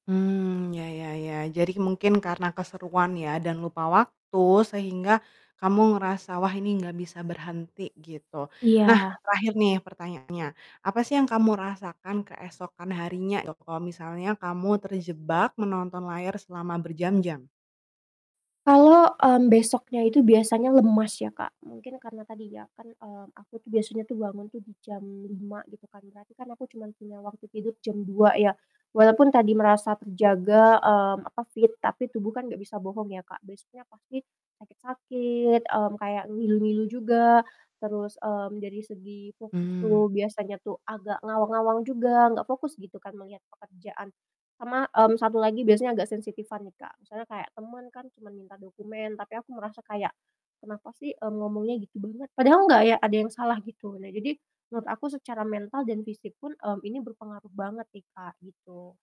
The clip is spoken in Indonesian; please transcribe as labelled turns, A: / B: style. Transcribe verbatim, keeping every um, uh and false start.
A: Mmm, ya ya ya. Jadi mungkin karena keseruan ya dan lupa waktu sehingga kamu ngerasa, "Wah ini nggak bisa berhenti." Gitu. Nah,
B: Iya.
A: terakhir nih pertanyaannya. Apa sih, yang kamu rasakan keesokan harinya, ya kalau misalnya kamu terjebak menonton layar selama berjam-jam?
B: Kalau, mmm, besoknya itu biasanya lemas ya, Kak. Mungkin karena tadi ya kan, eee, aku tuh biasanya bangun tuh di jam lima gitu kan, berarti kan aku cuma punya waktu tidur jam dua ya, walaupun tadi merasa terjaga, mmm, apa fit tapi tubuh kan nggak bisa bohong ya, Kak. Besoknya pasti sakit-sakit, mmm, kayak ngilu-ngilu juga, terus, mmm, dari segi fokus
A: Mhm.
B: tuh biasanya tuh, agak ngawang-ngawang juga nggak fokus gitu kan melihat pekerjaan. Sama, mmm, satu lagi biasanya agak sensitifan nih, Kak, misalnya kayak temen kan cuma minta dokumen tapi aku merasa kayak, "Kenapa sih, mmm, ngomongnya gitu banget?" Padahal nggak ya, ada yang salah gitu. Nah, jadi menurut aku secara mental dan fisik pun, mmm, ini berpengaruh banget nih, Kak, gitu